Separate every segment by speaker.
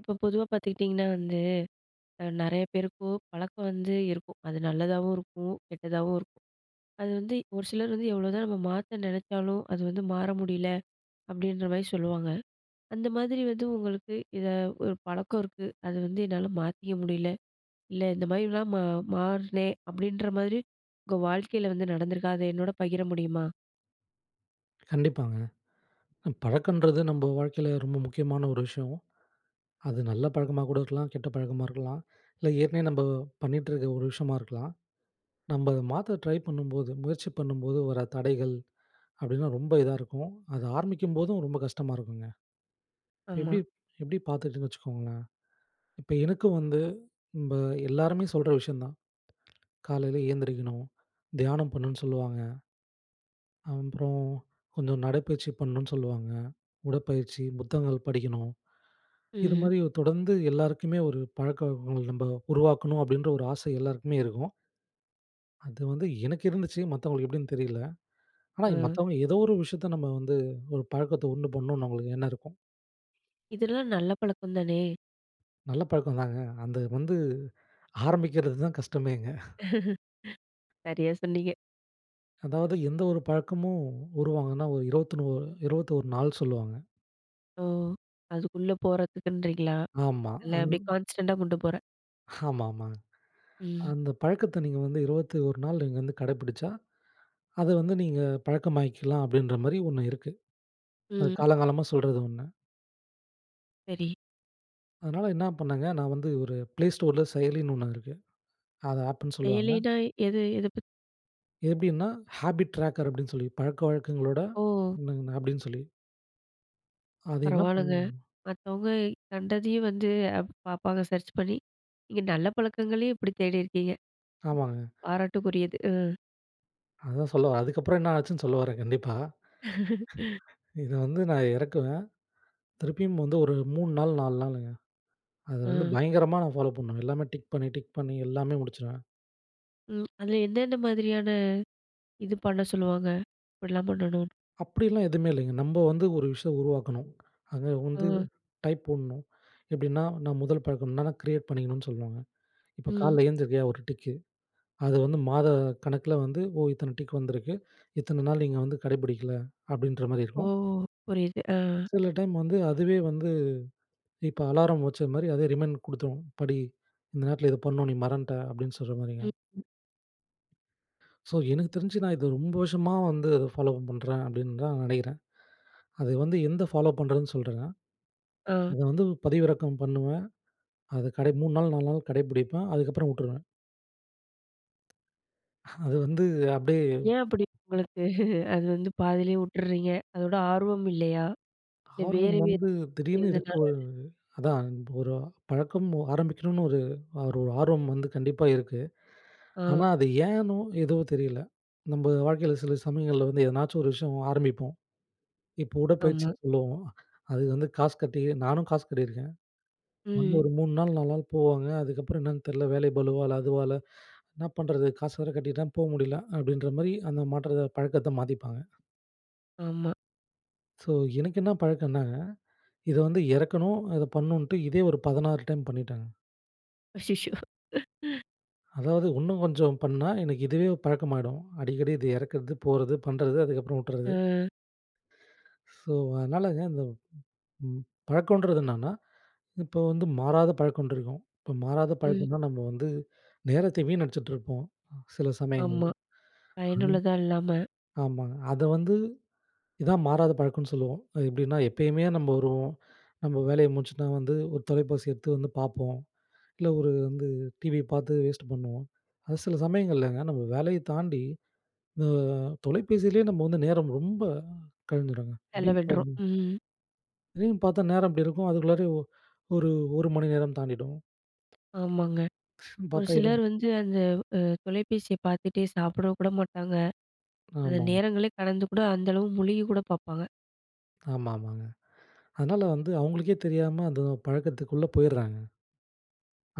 Speaker 1: இப்போ பொதுவா பார்த்துக்கிட்டிங்கன்னா, வந்து அ நிறைய பேருக்கும் பழக்கம் வந்து இருக்கும். அது நல்லதாவும் இருக்கும். கெட்டதாவும் இருக்கும். அது வந்து ஒரு சிலர் வந்து எவ்ளோதான் நம்ம மாத்த நினைச்சாலும், அது வந்து மாற முடியல அப்படின்ற மாரி சொல்லுவாங்க. அந்த மாதிரி வந்து உங்களுக்கு இத ஒரு பழக்கம் இருக்கு. அது வந்து என்னால மாத்திக்க முடியல. இல்ல இந்த மாதிரிலாம் மா மாறுனேன், அப்படின்ற மாதிரி உங்க வாழ்க்கையில வந்து நடந்திருக்கா? அத என்னோட பகிர முடியுமா?
Speaker 2: கண்டிப்பாங்க. அ பழக்கன்றது நம்ம வாழ்க்கையில ரொம்ப முக்கியமான ஒரு விஷயம். அது நல்ல பழக்கமா கூட இருக்கலாம். கெட்ட பழக்கமா இருக்கலாம். இல்ல ஏற்கனவே நம்ம பண்ணிகிட்டு இருக்க ஒரு விஷயமா இருக்கலாம். நம்ம அத மாத்த ட்ரை பண்ணும்போது முயற்சி பண்ணும்போது, வர தடைகள் அப்படினா ரொம்ப இதா இருக்கும். அது ஆரம்பிக்கும்போதும், ரொம்ப கஷ்டமா இருக்குங்க. இப்போ
Speaker 1: ஆமா.
Speaker 2: எப்படி எப்படி பார்த்துக்கிட்டேன்னு வச்சுக்கோங்களேன். இப்ப எனக்கும் வந்து, இப்ப எல்லாருமே சொல்ற விஷயம் தான். காலையில ஏந்திரிக்கணும், தியானம் பண்ணணும்னு சொல்லுவாங்க. அப்புறம் கொஞ்சம் நடைப்பயிற்சி பண்ணணுன்னு சொல்லுவாங்க. உடற்பயிற்சி, புத்தகங்கள் படிக்கணும்,
Speaker 1: ம்.
Speaker 2: இதுமாதிரி தொடர்ந்து எல்லாருக்குமே ஒரு பழக்கவழக்கங்கள், நம்ப உருவாக்கணும் அப்படின்ற ஒரு ஆசை எல்லோருக்குமே இருக்கும். அது வந்து எனக்கு இருந்துச்சு, மத்தவங்களுக்கு எப்படின்னு தெரியல. ஆனா
Speaker 1: அ.
Speaker 2: மத்தவங்க ஏதோ ஒரு விஷயத்த நம்ம வந்து ஒரு பழக்கத்தை உண்டு பண்ணணும்னு அவங்களுக்கு எண்ணம் இருக்கும்.
Speaker 1: இதெல்லாம் நல்ல பழக்கம் தானே.
Speaker 2: நல்ல பழக்கம்தாங்க. அந்த வந்து ஆரம்பிக்கிறதுதான் கஷ்டமேங்க.
Speaker 1: சரியா சொன்னீங்க.
Speaker 2: அதாவது எந்த ஒரு பழக்கமும் உருவாகணும்னா ஒரு இருவத்தினோ 21 நாள் சொல்லுவாங்க.
Speaker 1: ஓ! அதுக்குள்ள போறத்துக்குன்றீங்களா.
Speaker 2: ஆமா.
Speaker 1: இல்லை
Speaker 2: அந்
Speaker 1: அப்படியே கான்ஸ்டன்ட்டா கொண்டு போறேன்.
Speaker 2: ஆமா, ஆமா,
Speaker 1: ம்.
Speaker 2: அந்த பழக்கத்தை நீங்க வந்து 21 நாள் நீங்க வந்து கடைப்பிடிச்சா, அதை வந்து நீங்க பழக்கமாக்கிக்கலாம் அப்படின்ற மாரி ஒண்ணு இருக்கு. அது
Speaker 1: ம்.
Speaker 2: காலம் காலமா சொல்றது ஒண்ணு.
Speaker 1: சரி.
Speaker 2: அதனால என்னா பண்ணேங்க, நான் வந்து ஒரு play storeல செயலின்னு ஒண்ணு இருக்கு. அத ஆப்புன்னு சொல்லுவாங்க.
Speaker 1: எலினா எது? எத பத்
Speaker 2: எப்படின்னா ஹாபிட் ட்ரேக்கர் அப்படின்னு சொல்லி, பழக்கவழக்கங்களோட
Speaker 1: ஓ!
Speaker 2: [unintelligible] அப்படின்னு சொல்லி. அது என்னா
Speaker 1: பரவால்லங்க.
Speaker 2: பண்ணும்.
Speaker 1: மத்தவங்க கண்டதையும் வந்து அப் பார்ப்பாங்க சர்ச் பண்ணி. நீங்க நல்ல பழக்கங்களையும் இப்படி தேடியிருக்கீங்க.
Speaker 2: ஆமாங்க.
Speaker 1: பாராட்டுக்குரியது. ம்.
Speaker 2: அதான் சொல்ல வரேன். அதுக்கப்பறம் என்ன ஆச்சுன்னு சொல்ல வரேன் கண்டிப்பா. இதை வந்து நான் இறக்குவேன், திருப்பியும் வந்து ஒரு 3 நாள் 4 நாளுங்க. அதை வந்து
Speaker 1: அ.
Speaker 2: பயங்கரமா நான் ஃபாலோ பண்ணுவேன். எல்லாமே டிக் பண்ணி, டிக் பண்ணி எல்லாமே முடிச்சுருவேன்.
Speaker 1: ம். அதில எந்தெந்த மாதிரியான இது பண்ண சொல்லுவாங்க? இப்படிலாம் பண்ணணும்னு.
Speaker 2: அப்படிலாம் எதுவுமே இல்லைங்க. நம்ப வந்து ஒரு விஷயம் உருவாக்கணும். அங்கே வந்து
Speaker 1: அ.
Speaker 2: டைப் போடணும். எப்படின்னா நான் முதல் பழக்கம்னா நான் கிரியேட் பண்ணிக்கணும்னு சொல்லுவாங்க. இப்போ
Speaker 1: ம்.
Speaker 2: காலில எழுந்தருக்கையா ஒரு டிக்கு. அது வந்து மாத கணக்கில வந்து, ஓ! இத்தன டிக் வந்திருக்கு இத்தன நாள் நீங்க வந்து கடை பிடிக்கல, அப்படின்ற மாரி
Speaker 1: ஓ!
Speaker 2: இருக்கும்.
Speaker 1: புரியுது அ.
Speaker 2: சில டைம் வந்து, அதுவே வந்து இப்போ அலாரம் வச்சது மாரி, அதே ரிமைண்ட் கொடுத்துடும். படி இந்த நேரத்தில இத பண்ணணும். நீ மறந்துட்ட அப்படின்னு சொல்ற மாரிங்க.
Speaker 1: ம். ம்.
Speaker 2: ஸோ எனக்கு தெரிஞ்சு நான் இதை ரொம்ப வருஷமா வந்து அதை ஃபாலோ பண்ணுறேன் அப்படின்னு தான் நினைக்கிறேன். அது வந்து எந்த ஃபாலோ பண்ணுறதுன்னு சொல்றேங்க!
Speaker 1: ஆ.
Speaker 2: அத வந்து பதிவிறக்கம் பண்ணுவேன். அத கடை 3 நாள், 4 நாள் கடைப்பிடிப்பேன். அதுக்கப்புறம் வுட்டுருவேன். அது வந்து அப்படியே
Speaker 1: ஏன் அப்படி உங்களுக்கு, அது வந்து பாதியிலேயே உட்டறீங்க? அதோட ஆர்வம் இல்லையா இல்ல,
Speaker 2: ஆர்வம்
Speaker 1: வேறு வேறு
Speaker 2: வந்து திடீர்னு இருக்கு,
Speaker 1: எதனால?
Speaker 2: ஒரு அதான் ஒரு பழக்கம் ஆரம்பிக்கணும்னு ஒரு ஒரு ஒரு ஆர்வம் வந்து கண்டிப்பா இருக்கு. ஆனா
Speaker 1: ஆ.
Speaker 2: அது ஏன்னோ எதுவோ தெரியல. நம்ம வாழ்க்கையில சில சமயங்கள்ல வந்து எதனாச்சும் ஒரு விஷயம் ஆரம்பிப்போம். இப்போ
Speaker 1: ஆமா.
Speaker 2: உடற்பயிற்சின்னு சொல்லுவோம். அதுக்கு வந்து காசு கட்டி நானும் காசு கட்டியிருக்கேன். வந்து
Speaker 1: ம்.
Speaker 2: ஒரு 3 நாள், 4 நாள் போவாங்க, அதுக்கப்புறம் என்னன்னு தெரியல, வேலை பளுவா இல்ல அதுவ இல்ல என்ன பண்ணுறது? காசு வேற கட்டிட்டேன் போ முடியல! அப்படின்ற மாரி அந்த மாற்றத்தை பழக்கத்த மாத்திப்பாங்க.
Speaker 1: ஆமா.
Speaker 2: ஸோ, எனக்கு இன்ன பழக்கன்னா, இத வந்து இறக்கணும், அத பண்ணணுன்ட்டு, இதே ஒரு 16 டைம் பண்ணிட்டேங்க.
Speaker 1: அச்சிச்சோ!
Speaker 2: அதாவது இன்னும் கொஞ்சம் பண்ணா எனக்கு இதுவே பழக்கமாயிடும். அடிக்கடி இத இறக்கறது, போறது பண்றது அதுக்கப்புறம் உட்டுறது.
Speaker 1: அ.
Speaker 2: ஸோ, அதனாலங்க அந்த ம் பழக்கம்ன்றது என்னன்னா, இப்போ வந்து மாறாத பழக்க ஒன்றிருக்கும். இப்போ மாறாத
Speaker 1: ம்.
Speaker 2: பழக்கம்னா நம்ம வந்து நேரத்தை வினடிச்சுட்டு இருப்போம் சில
Speaker 1: ஆமா.
Speaker 2: சமயங்கள்ல அந்
Speaker 1: பயனுள்ளதா இல்லாம.
Speaker 2: ஆமாங்க. அத வந்து இதான் மாறாத பழக்கன்னு சொல்லுவோம். அது எப்படின்னா எப்பயுமே நம்ம வருவோம், நம்ம வேலையை முடிச்சுட்டா வந்து ஒரு தொலைபேசி எடுத்து வந்து பார்ப்போம். இல்ல ஒரு வந்து டிவி பார்த்து வேஸ்ட்டு பண்ணுவோம். அது சில சமயங்கள்லங்க, நம்ம வேலைய தாண்டி அ தொலைபேசிலே நம்ம வந்து நேரம் ரொம்ப கழிஞ்சிடும்ங்க. எப்படின்னு
Speaker 1: செலவிட்றோம்.
Speaker 2: பாத்தீங்கனா
Speaker 1: ம்.
Speaker 2: திடீர்னு பார்த்தா நேரம் இப்படி இருக்கும் அதுக்குள்ளாரே ஒ ஒரு, 1 மணி நேரம் தாண்டிடும்.
Speaker 1: ஆமாங்க. ஒரு
Speaker 2: பாத்தா இரண்
Speaker 1: சிலர் வந்து அந்த அ தொலைபேசிய பார்த்துட்டே சாப்பிட கூட மாட்டாங்க, அந்த
Speaker 2: ஆமாம்.
Speaker 1: நேரங்களே கடந்து கூட அந்த அளவு முழுகி கூட பார்ப்பாங்க.
Speaker 2: ஆமா, ஆமாங்க. அதனால வந்து அவங்களுக்கே தெரியாம, அந்த பழக்கத்துக்குள்ள போயிறாங்க.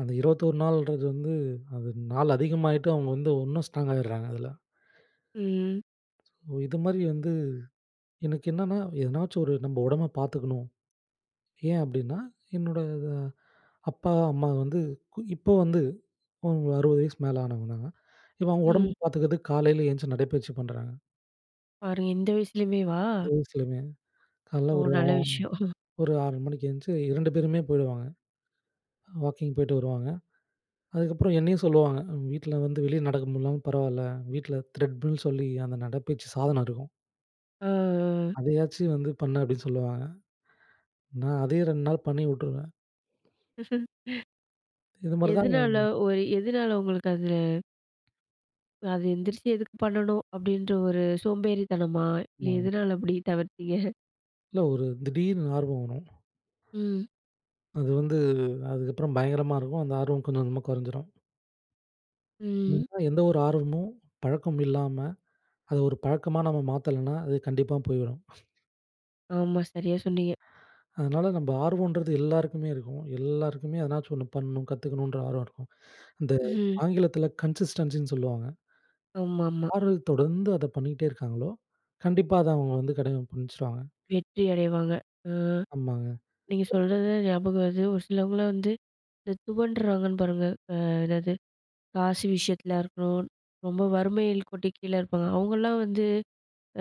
Speaker 2: அந்த 21 நாள்ன்றது வந்து, அது நாள் அதிகமாகிட்டு அவங்க வந்து இன்னும் ஸ்ட்ராங் ஆகிடுறாங்க அதில.
Speaker 1: ம்.
Speaker 2: ம். இது மாரி வந்து, எனக்கு என்னன்னா எதனாச்சும் ஒரு நம்ம உடம்ப பார்த்துக்கணும். ஏன் அப்படின்னா, என்னோட வ அப்பா, அம்மா வந்து இப்போ வந்து உ 60 வயசுக்கு மேல ஆனவங்க தாங்க. இப்ப அவங்க
Speaker 1: ம்.
Speaker 2: உடம்ப பார்த்துக்கறதுக்கு, காலையில எந்துருச்சி நடைப்பயிற்சி பண்ணுறாங்க.
Speaker 1: பாருங்க, இந்த வயசுலயுமேவா?
Speaker 2: இந்த வயஸ்லமே காலைல
Speaker 1: ஓ!
Speaker 2: ஒரு ஆ
Speaker 1: நல்ல விஷயம்.
Speaker 2: ஒரு 6 மணிக்கு எந்திச்சி 2 பேருமே போயிடுவாங்க. வாக்கிங் போய்ட்டு வருவாங்க. அதுக்கப்புறம் என்னையும் சொல்லுவாங்க. அ வீட்டில வந்து வெளிய நடக்க முடியல்லனாலும் பரவால்ல. வீட்டில த்ரெட்மில் சொல்லி அந்த நடைப்பயிற்சி சாதனம் இருக்கும்.
Speaker 1: ஆ, ஆ.
Speaker 2: அதையாச்சும் வந்து பண்ணு அப்படின்னு சொல்லுவாங்க. நான் அதையும் 2 நாள் பண்ணி விட்டுருவேன். இது மாரி தான்.
Speaker 1: எதுனால? ஒரு எதுனால உங்களுக்கு அதில அது எந்திரிச்சி எதுக்கு பண்ணணும், அப்படின்ற ஒரு சோம்பேறித்தனமா? இல்ல
Speaker 2: ஆமாங்
Speaker 1: எதுனால அப்படி தவிர்த்திங்க?
Speaker 2: இல்ல, ஒரு திடீர்னு ஆர்வம் வரும்.
Speaker 1: ம்.
Speaker 2: அது வந்து அதுக்கப்புறம் பயங்கரமா இருக்கும். அந்த ஆர்வம் கொஞ்சம் கொஞ்சமா குறைஞ்சிரும்.
Speaker 1: ம்.
Speaker 2: ஏன்னா, எந்த ஒரு ஆர்வமும் பழக்கம் இல்லாம, அதை ஒரு பழக்கமா நம்ம மாத்தலைன்னா அது கண்டிப்பா போய்ரும்.
Speaker 1: ஆமா. சரியா சொன்னீங்க.
Speaker 2: அதனால நம்ம ஆர்வோன்றது எல்லாருக்குமே இருக்கும். எல்லோருக்குமே எதனாச்சும் ஒண்ணு பண்ணணும். கத்துக்கணும்ன்ற ஆர்வம் இருக்கும். இந்த
Speaker 1: ம்.
Speaker 2: ஆங்கிலத்தில கன்சிஸ்டன்சின்னு சொல்லுவாங்க.
Speaker 1: ஆமாமா.
Speaker 2: யாரு தொடர்ந்து அத பண்ணீட்டே இருக்காங்களோ, கண்டிப்பா அத அவங்க வந்து கடை புடுச்சுடுவாங்க.
Speaker 1: வெற்றி அடைவாங்க. அ.
Speaker 2: ஆமாங்க.
Speaker 1: நீங்க சொல்றது ஞாபகம் வருது. ஒரு சிலவங்களலாம் வந்து இந்த துவண்டுறாங்கன்னு பாருங்க. அ எதாவது, காசு விஷயத்திலயா இருக்கணும், ரொம்ப வறுமையில் கோட்டின் கீழ இருப்பாங்க. அவங்கலாம் வந்து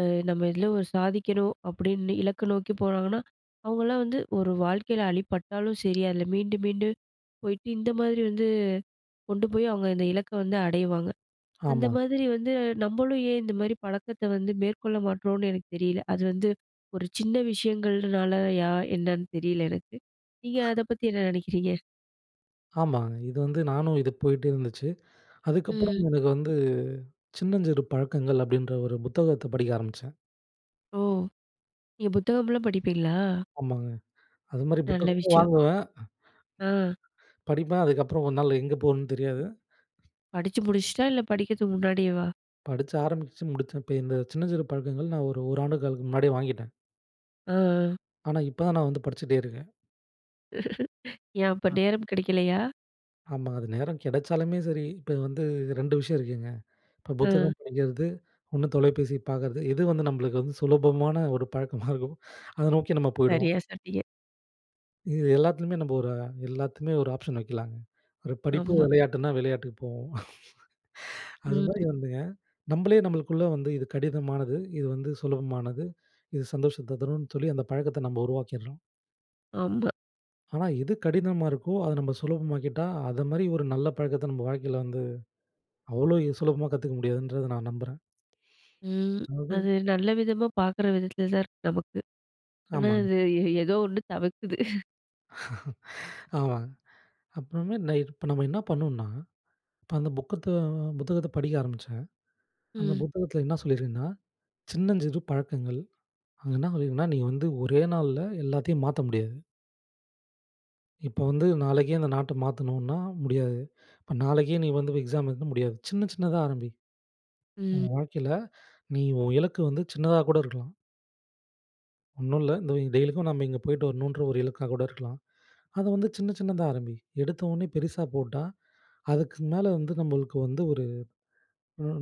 Speaker 1: அ நம்ம இதில ஒரு சாதிக்கணும் அப்படின்னு இலக்க நோக்கி போறாங்கன்னா, அவங்களலாம் வந்து ஒரு வாழ்க்கையில அடிபட்டாலும் சரி, அதில மீண்டு மீண்டு போயிட்டு இந்த மாதிரி வந்து கொண்டு போய் அவங்க இந்த இலக்க வந்து அடைவாங்க. அந்த
Speaker 2: ஆமாங்க.
Speaker 1: மாதிரி வந்து நம்மளும் ஏன் இந்த மாதிரி பழக்கத்த வந்து மேற்கொள்ள மாட்றோம்னு எனக்கு தெரியல. அது வந்து ஒரு சின்ன விஷயங்கள்னாலயா, என்னன்னு தெரியல எனக்கு. நீங்க அதை பத்தி என்ன நினைக்கறீங்க?
Speaker 2: ஆமாங்க. இது வந்து நானும் இது போய்ட்டே இருந்துச்சு.
Speaker 1: ம்.
Speaker 2: அதுக்கப்புறம் எனக்கு வந்து. சின்னஞ்சிறு பழக்கங்கள் அப்டின்ற ஒரு புத்தகத்த படிக்க ஆரம்பிச்சேன்.
Speaker 1: ஓ! நீங்க புத்தகம்லாம் படிப்பீங்களா?
Speaker 2: ஆமாங்க. அது மாரி
Speaker 1: நல்ல
Speaker 2: புத்தகமும்
Speaker 1: விஷயம்.
Speaker 2: வாங்குவேன்.
Speaker 1: ஆ.
Speaker 2: படிப்பேன். அதுக்கப்புறம் ஒரு நாள்ல எங்க போகணும் தெரியாது.
Speaker 1: படிச்சு முடிச்சுட்டா, இல்ல படிக்கிறதுக்கு முன்னாடியேவா?
Speaker 2: படிச்சு, ஆரம்பிச்சுச்சு முடிச்சிருப்பேன். இப்ப இந்த சின்னஞ்சிறு பழக்கங்கள், நான் ஒரு 1 ஆண்டு காலத்துக்கு முன்னாடியே வாங்கிட்டேன்.
Speaker 1: ஆ, ஆ.
Speaker 2: ஆனா, இப்ப தான் நான் வந்து படிச்சிட்டே இருக்கேன்.
Speaker 1: ஏன் அப்ப
Speaker 2: அ.
Speaker 1: நேரம் கிடைக்கலையா?
Speaker 2: ஆமா. அது நேரம் கிடைச்சாலுமே சரி. இப்ப இது வந்து 2 விஷயம் இருக்குங்க. இப்ப
Speaker 1: அ.
Speaker 2: புத்தகம் படிக்கிறது, 1 தொலைபேசி பாக்கறது. எது வந்து நம்மளுக்கு வந்து சுலபமான ஒரு பழக்கமா இருக்கும். அதை நோக்கி நம்ம போயிடுவோம்
Speaker 1: சரியா சொன்னீங்க.
Speaker 2: இது எல்லாத்துலயுமே நம்ம ஒரு அ எல்லாத்துலையுமே ஒரு ஆப்ஷன் வைக்கலாங்க. ஒரு படிப்பு,
Speaker 1: ஆமா.
Speaker 2: விளையாட்டுன்னா, விளையாட்டுக்கு போவோம். அது மாரி
Speaker 1: ம்.
Speaker 2: வந்துங்க, நம்மளே நம்மளுக்குள்ள வந்து இது கடினமானது, இது வந்து சுலபமானது, இது சந்தோஷத்த தருன்னு சொல்லி அந்த பழக்கத்த நம்ம உருவாக்கிறோம்.
Speaker 1: ஆமா.
Speaker 2: ஆனா, எது கடினமா இருக்கோ அத நம்ம சுலபமாக்கிட்டா, அத மாரி ஒரு நல்ல பழக்கத்த நம்ம வாழ்க்கையில வந்து அவ்ளோ சுலபமா கத்துக்க முடியாதுன்றத நான் நம்புறன்.
Speaker 1: ம்.
Speaker 2: அதாவது,
Speaker 1: அது நல்ல விதமா பார்க்குற விதத்துல தான் இருக்கு நமக்கு. ஆனா,
Speaker 2: ஆமாங்க.
Speaker 1: அது ஏதோ ஒண்ணு தவிர்க்குது.
Speaker 2: ஆமாங்க. அப்புறமே நான் இர் இப்ப நம்ம என்ன பண்ணணுண்னா, இப்ப அந்த புக்கத்தோ புத்தகத்தை படிக்க ஆரம்பிச்சேன். அந்த
Speaker 1: ம்.
Speaker 2: புத்தகத்தில என்ன சொல்லியிருக்குன்னா? சின்னஞ்சிறு பழக்கங்கள். அங்க என்ன சொல்லியிருக்குன்னா, நீங்க வந்து ஒரே நாள்ல எல்லாத்தையும் மாத்த முடியாது. இப்போ வந்து நாளைக்கே அந்த நாட்டை மாத்தணுன்னா முடியாது. இப்போ நாளைக்கே நீ வந்து எக்ஸாம் எழுதனுனா முடியாது. சின்ன சின்னதா ஆரம்பி.
Speaker 1: ம்.
Speaker 2: உன் வாழ்க்கையில நீ உன் இலக்கு வந்து சின்னதா கூட இருக்கலாம். ஒண்ணும் இல்ல, இந்த டெய்லிக்கும் நம்ம இங்கே போய்ட்டு வரணுன்ற ஒரு இலக்கா கூட இருக்கலாம். அதை வந்து சின்ன சின்னதா ஆரம்பி. எடுத்த உடனே பெருசா போட்டா, அதுக்கு மேல வந்து நம்மளுக்கு வந்து ஒரு,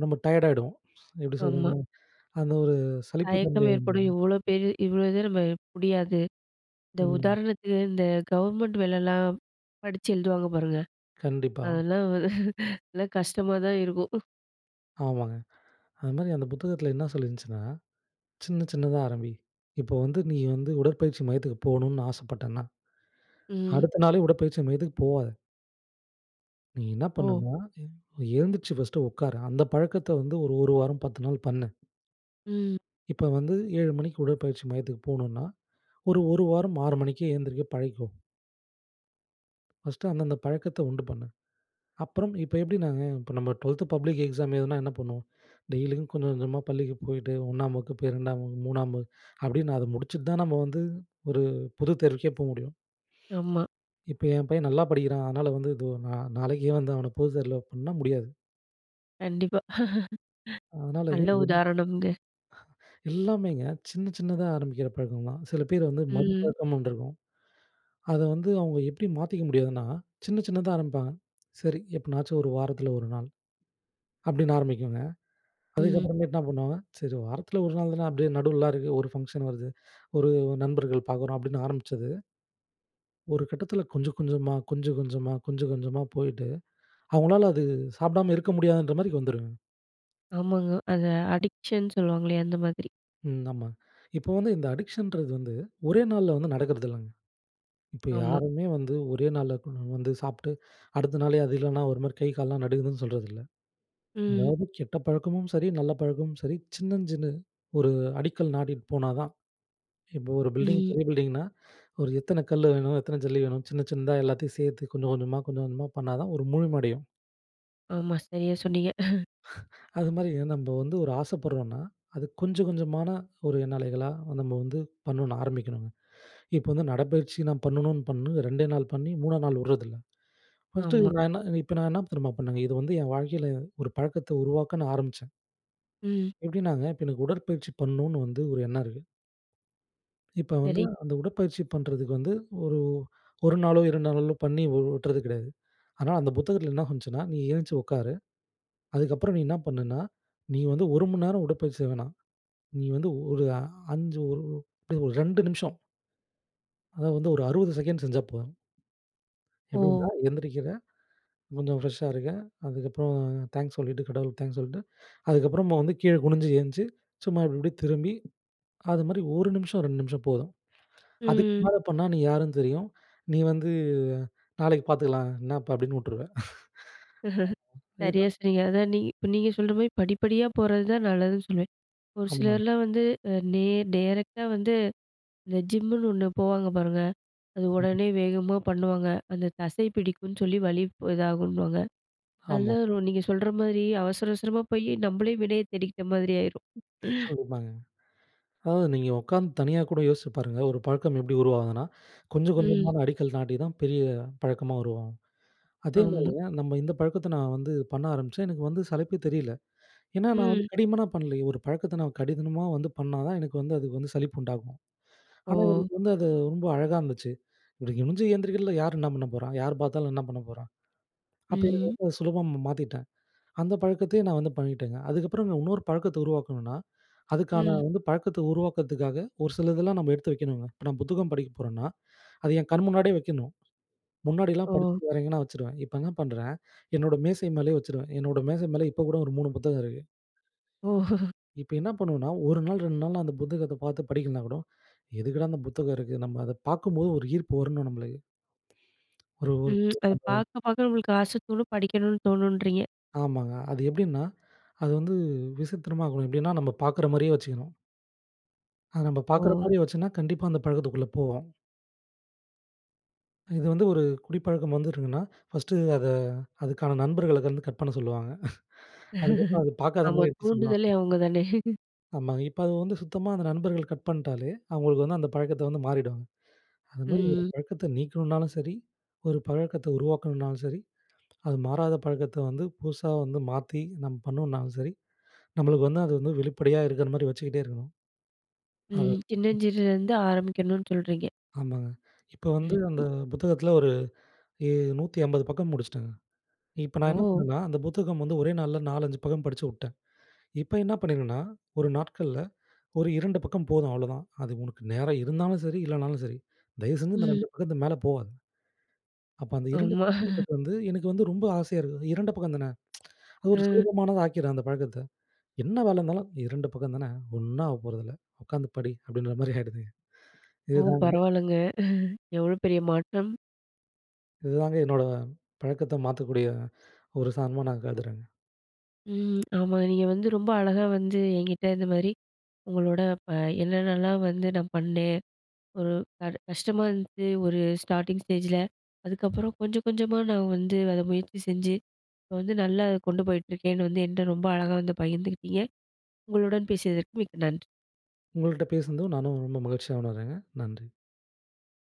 Speaker 2: நம்ம டயர்டாயிடுவோம். எப்பிடி
Speaker 1: ஆமா.
Speaker 2: சொல்றதுன்னா? அந்த ஒரு சலிப்பு தன்மை
Speaker 1: தயக்கம் ஏற்படும்.
Speaker 2: வந்துரும்.
Speaker 1: இவ்ளோ பேர் இவ்ளோ இது, நம்ம முடியாது. இந்த
Speaker 2: ம்.
Speaker 1: உதாரணத்துக்கு இந்த கவர்மெண்ட் வேலைலாம், படிச்சு எழுதுவாங்க பாருங்க!
Speaker 2: கண்டிப்பா.
Speaker 1: அதெல்லாம் வ நல்ல கஷ்டமா தான் இருக்கும்.
Speaker 2: ஆமாங்க. அது மாதிரி அந்த புத்தகத்தில என்ன சொல்லியிருந்துச்சுன்னா, சின்ன சின்னதா ஆரம்பி. இப்போ வந்து நீ வந்து உடற்பயிற்சி மையத்துக்கு போணுன்னு ஆசைப்பட்டன்னா,
Speaker 1: ம்.
Speaker 2: அடுத்த நாளே உடற்பயிற்சி மையத்துக்கு போவாத. நீ என்ன
Speaker 1: ஓ!
Speaker 2: பண்ணுனா, எ எழுந்துருச்சு ஃபஸ்ட்டு உக்காரு. அந்த பழக்கத்த வந்து ஒரு ஒரு வாரம் 10 நாள் பண்ணு.
Speaker 1: ம்.
Speaker 2: இப்ப வந்து 7 மணிக்கு உடற்பயிற்சி மையத்துக்கு போணும்னா, ஒரு ஒரு வாரம் 6 மணிக்கே எழுந்திரிக்க பழகிக்கோ. ஃபர்ஸ்ட்டு அந்தந்த பழக்கத்த உண்டு பண்ணு. அப்புறம் இப்போ எப்படி நாங்க, இப்போ நம்ம ட்வெல்த் பப்ளிக் எக்ஸாம் எழுதினா என்ன பண்ணுவோம். டெய்லியும் கொஞ்சம் கொஞ்சமா பள்ளிக்கு போயிட்டு 1 வகுப்பு, 2 வகுப்பு, 3 வகுப்பு அப்படின்னு, அத முடிச்சிட்டு தான் நம்ம வந்து ஒரு பொது தேர்வுக்கே போ முடியும்.
Speaker 1: ஆமா.
Speaker 2: இப்போ என் பையன் நல்லா படிக்கிறான் அதனால வந்து இது நா நாளைக்கே வந்து அவன பொது தேர்வுல பண்ண முடியாது.
Speaker 1: கண்டிப்பா.
Speaker 2: அதனால
Speaker 1: நல்ல
Speaker 2: இது.
Speaker 1: உதாரணம்ங்க.
Speaker 2: [unintelligible] எல்லாமேங்க, சின்ன சின்னதா ஆரம்பிக்கிற பழக்கம் தான். சில பேர் வந்து மது
Speaker 1: ம்.
Speaker 2: பழக்கம்ன்னு ஒன்று இருக்கும். அதை வந்து அவங்க எப்படி மாத்திக்க முடியாதுன்னா, சின்ன சின்னதா ஆரம்பிப்பாங்க. சரி எப்பனாச்சும் ஒரு வாரத்தில ஒரு நாள் அப்படின்னு ஆரம்பிக்குங்க.
Speaker 1: ம்.
Speaker 2: அதுக்கப்புறமேட்டு என்ன பண்ணுவாங்க, சரி வாரத்தில ஒரு நாள் தானே, அப்படியே நடுவுலலாம் இருக்கு ஒரு ஃபங்ஷன் வருது, ஒரு நண்பர்கள் பார்க்குறோம் அப்படின்னு ஆரம்பிச்சது. ஒரு கட்டத்தில, கொஞ்சம் கொஞ்சமா, கொஞ்சம் கொஞ்சமா, கொஞ்சம் கொஞ்சமா போயிட்டு அவங்களால அது சாப்பிடாம இருக்க முடியாதுன்ற மாதிரிக்க வந்துருங்க.
Speaker 1: ஆமாங்க. அதை அடிக்ஷன் சொல்லுவாங்களே, அந்த மாதிரி.
Speaker 2: ம், ஆமா. இப்போ வந்து இந்த அடிக்ஷன்றது வந்து, ஒரே நாள்ல வந்து நடக்குறதில்லங்க. இப்ப
Speaker 1: ஆமா.
Speaker 2: யாருமே வந்து ஒரே நாள்ல கொ ம் வந்து சாப்ட்டு, அடுத்த நாளே அது இல்லன்னா ஒரு மாரி கை, கால்லாம் நடுங்குதுன்னு சொல்றதில்ல.
Speaker 1: ம்.
Speaker 2: அதாவது, கெட்ட பழக்கமும் சரி, நல்ல பழக்கமும் சரி சின்னஞ், சின்ன ஒரு அடிக்கல் நாட்டிட்டு போனா தான். இப்போ ஒரு பில்டிங்
Speaker 1: ம்.
Speaker 2: பெரிய பில்டிங்னா, ஒரு எத்தன கல்லு வேணும்? எத்தன ஜல்லி வேணும்? சின்ன, சின்னதா எல்லாத்தையும் சேர்த்து, கொஞ்சம் கொஞ்சமா, கொஞ்சம் கொஞ்சமா பண்ணா தான், ஒரு முழுமை அடையும்.
Speaker 1: ஆமா, சரியா சொன்னீங்க.
Speaker 2: அதுமாரி, நம்ப வந்து ஒரு ஆசப்படுறோன்னா, அது கொஞ்சம், கொஞ்சமான ஒரு எண்ணலைகளா, நம்ம வந்து பண்ணனும், ஆரம்பிக்கணுங்க. இப்ப வந்து, நடைப்பயிற்சி நான் பண்ணணும்னு பண்ணி, 2 நாள் பண்ணி, 3 நாள் வுடுறதில்ல. ஃபஸ்ட்டு
Speaker 1: ஆமா.
Speaker 2: நான் என்ன, இப்ப நான் என்ன தெரியுமா பண்ணேங்க? இது வந்து என் வாழ்க்கைல, ஒரு பழக்கத்த உருவாக்க நான் ஆரம்பிச்சேன்.
Speaker 1: ம்.
Speaker 2: எப்டின்னாங்க, இப்ப எனக்கு உடற்பயிற்சி பண்ணுன்னு வந்து, ஒரு எண்ணம் இருக்கு. இப்ப வந்து,
Speaker 1: சரி.
Speaker 2: அந்த உடற்பயிற்சி பண்றதுக்கு வந்து ஒரு, 1 நாளோ, 2 நாளோல பண்ணி வு உட்றது கிடையாது. ஆனா அந்த புத்தகத்துல என்ன வந்துச்சுன்னா, நீ எழுந்ச்சு உட்காரு. அதுக்கப்புறம் நீ என்ன பண்ணுன்னா, நீ வந்து 1 மணி நேரம் உடற்பயிற்சி செய்ய வேணாம். நீ வந்து ஒரு அ 5 ஒரு அப்படியே ஒரு 2 நிமிஷம். அதாவது வந்து, ஒரு 60 செகண்ட்ஸ் செஞ்சா போதும்.. எப்படின்னா,
Speaker 1: ஓ!
Speaker 2: எந்திரிக்கிறேன். கொஞ்சம் ஃப்ரெஷ்ஷா இருக்கேன். அதுக்கப்புறம் அ, தேங்க்ஸ் சொல்லிட்டு, கடவுளுக்கு தேங்க்ஸ் சொல்லிட்டு, அதுக்கப்புறமா வந்து, கீழே குனிஞ்சி எந்திச்சு, சும்மா இப்படிப்படி திரும்பி, அதுமாரி 1 நிமிஷம், 2 நிமிஷம் போதும். அதுக்கு
Speaker 1: ம்.
Speaker 2: மேல பண்ணா, நீ யாருன்னு தெரியும். நீ வந்து, நாளைக்கு பார்த்துக்கலாம், என்ன இப்ப அப்படின்னு உட்டுருவ. ஆமா. இதான்
Speaker 1: .சரியா சொன்னீங்க. அதான் நீ இப்ப நீங்க சொல்ற மாரி, படிப்படியா போறது தான் நல்லதுன்னு சொல்வேன். ஒரு
Speaker 2: ஆமா.
Speaker 1: சிலர்லாம் வந்து அ, நேர் டேரக்ட்டா வந்து, இந்த ஜிம்முனு 1 போவாங்க பாருங்க, அது
Speaker 2: [unintelligible]
Speaker 1: உடனே வேகமா பண்ணுவாங்க. அந்த தசை பிடிக்கும்னு சொல்லி வலிப் இதாகும்ன்னுவாங்க. நல்லா
Speaker 2: ஆமா.
Speaker 1: அதுவும், நீங்க சொல்ற மாதிரி அவசர, அவசரமா போயி, நம்மளே வினைய தேடிக்கிட்ட மாதிரி ஆயிரும்..
Speaker 2: கண்டிப்பாங்க. அதான், நீங்க உட்காந்து தனியா கூட யோசிச்சு பாருங்க. ஒரு பழக்கம் எப்படி உருவாகுதுன்னா, கொஞ்சம்,
Speaker 1: ம்.
Speaker 2: கொஞ்சமான அடிக்கல் நாட்டி தான், பெரிய பழக்கமா உருவாகும்.
Speaker 1: ஆமா.
Speaker 2: அதேமாரிங்க, நம்ம இந்த பழக்கத்த நான் வந்து, பண்ண ஆரம்பிச்சேன், எனக்கு வந்து சலிப்பே தெரியல. ஏன்னா, நான் வந்து
Speaker 1: ம்.
Speaker 2: கடிமனா பண்லையே. ஒரு பழக்கத்த நான் கடிதனமா வந்து பண்ணா தான் எனக்கு வந்து, அதுக்கு வந்து சலிப்பு உண்டாகும். ஆனா,
Speaker 1: ஓ!
Speaker 2: எனக்கு வந்து அது, ரொம்ப அழகா இருந்துச்சு. இப்படி குனிஞ்சு எந்திரிக்றதுல, யாரு என்ன பண்ண போறா? யாரு பார்த்தாலும், என்ன பண்ண போறான்? அப்ப எனக்கு
Speaker 1: ம்.
Speaker 2: ரொம்ப, சுலபம் ம மாத்திட்டேன். அந்த பழக்கத்தையே நான் வந்து பழகிட்டேங்க. அதுக்கப்றம் நான், இன்னொரு பழக்கத்த உருவாக்கணுன்னா, அதுக்கான
Speaker 1: ம்.
Speaker 2: வந்து பழக்கத்த உருவாக்குறதுக்காக, ஒரு சிலதெல்லாம் நம்ம எடுத்து வைக்கணுங்க. இப்ப நான் புத்தகம் படிக்க போறேன்னா, அது என் கண் முன்னாடியே வைக்கணும்.. முன்னாடிலாம்
Speaker 1: ஓ!
Speaker 2: படிச்சிட்டு, வேறெங்கன்னா வச்சுருவேன். இப்ப என்ன பண்றேன், என்னோட மேசை மேலேயே வச்சுருவேன். என்னோட மேசை மேல இப்பக்கூட, ஒரு 3 புத்தகம் இருக்கு.
Speaker 1: ஓஹோஹ!
Speaker 2: இப்ப என்ன பண்ணுவோண்னா, 1 நாள், 2 நாள்ல அந்த புத்தகத்தப் பார்த்து படிக்கலனாகூட, எதுக்குடா அந்த புத்தகம் இருக்கு. நம்ம அத பார்க்கும்போது ஒரு ஈர்ப்பு வரணும் நம்மளுக்கு. ஒரு
Speaker 1: ம்.
Speaker 2: ஊருக்கு
Speaker 1: அது
Speaker 2: நம்ப
Speaker 1: பார்க்க பார்க்க உங்களுக்கு ஆசை தோணும், படிக்கணுனு தோணுன்றீங்க.
Speaker 2: ஆமாங்க. அது எப்படின்னா, அது வந்து விசித்திரமா இருக்கும். எப்பிடின்னா, நம்ம பார்க்குறமாரியே வச்சுக்கணும். அது நம்ம
Speaker 1: ஓ!
Speaker 2: பார்க்கிறமாரி வச்சுன்னா, கண்டிப்பா அந்த பழக்கத்துக்குள்ள போவோம். இது வந்து ஒரு குடிப்பழக்கம் வந்துருக்குன்னா, 1டு அத அதுக்கான நண்பர்கள வந்து கட் பண்ண சொல்லுவாங்க. அதுக்கப்புறம் அது பாக்காத
Speaker 1: ஆமா.
Speaker 2: மாரி எடுத்து சொல்லுவாங்க.
Speaker 1: தூண்டுதலே அவுங்க தானே.
Speaker 2: ஆமாங்க. இப்ப அது வந்து சுத்தமா அந்த நண்பர்கள் கட் பண்ட்டாலே, அவுங்களுக்கு வந்து அந்த பழக்கத்த வந்து மாறிடுவாங்க. அதுமாரி ஒரு
Speaker 1: ம்.
Speaker 2: பழக்கத்த நீக்கணுனாலும் சரி, ஒரு பழக்கத்த உருவாக்கணும்னாலும் சரி, அது மாறாத பழக்கத்த வந்து புதுசா வந்து மாத்தி நம்ம பண்ணணும்னாலும் சரி, நம்மளுக்கு வந்து அது வந்து வெளிப்படையா இருக்கிறமாரி வச்சுக்கிட்டே இருக்கணும். அது
Speaker 1: ம். சின்னஞ்சிறுல இருந்து ஆரம்பிக்கணுன்னு சொல்றீங்க.
Speaker 2: ஆமாங்க. இப்போ வந்து
Speaker 1: ம்.
Speaker 2: அந்த புத்தகத்தில ஒரு எ 150 பக்கம் முடிச்சிட்டங்க. இப்ப நான் என்ன
Speaker 1: ஓ!
Speaker 2: பண்ணேண்னா, அந்த புத்தகம் வந்து ஒரே நாள்ல 4, 5 பக்கம் படுச்சு விட்டேன். இப்போ என்ன பண்ணியிருங்கன்னா, ஒரு நாட்கள்ல ஒரு 2 பக்கம் போதும் அவ்ளோதான். அது உனக்கு நேரம் இருந்தாலும் சரி, இல்லனாலும் சரி. தயவுசெஞ்சு இந்த
Speaker 1: ம்.
Speaker 2: 2 பக்கத்துக்கு மேலே போவாது. அப்ப அந்த 2
Speaker 1: ஆமா.
Speaker 2: பக்கம்ன்றது வந்து, எனக்கு வந்து ரொம்ப ஆசையா இருக்குது. 2 பக்கம் தான, அது ஒரு
Speaker 1: ம்.
Speaker 2: சுலபமானத ஆக்கிர்லாம் அந்த பழக்கத்த. என்ன வேல இருந்தாலும் 2 பக்கம் தானே! ஒண்ணும் ஆக போறதில்ல, உட்காந்து படி அப்பிடின்றமாரி ஆயிடுதுங்க.
Speaker 1: ஓ!
Speaker 2: இதுதான் வந்து
Speaker 1: பரவாயில்லங்க. எவ்வளோ பெரிய மாற்றம்!
Speaker 2: இதுதாங்க என்னோட பழக்கத்தை மாத்தக்கூடிய ஒரு சாதனமா நான் கருதுகிறேங்க.
Speaker 1: ம். ஆமா. நீங்க வந்து ரொம்ப அழகா வந்து எங்கிட்ட இந்தமாரி உங்களோட ப என்னென்னலாம் வந்து நான் பண்ணேன், ஒரு க கஷ்டமா இருந்து, ஒரு ஸ்டார்ட்டிங் ஸ்டேஜில. அதுக்கப்பறம் கொஞ்ச கொஞ்சமா நான் வந்து அத முயற்சி செஞ்சு, இப்ப வந்து நல்லா அதை கொண்டு போயிட்டுருக்கேன்னு வந்து, என்ட்ட ரொம்ப அழகா வந்து பகிர்ந்துகிட்டீங்க. உங்களுடன் பேசியதற்கு மிக்க நன்றி.
Speaker 2: உங்கள்ட்ட பேசினதும் நானும் ரொம்ப மகிழ்ச்சியா உணர்றேங்க. நன்றி.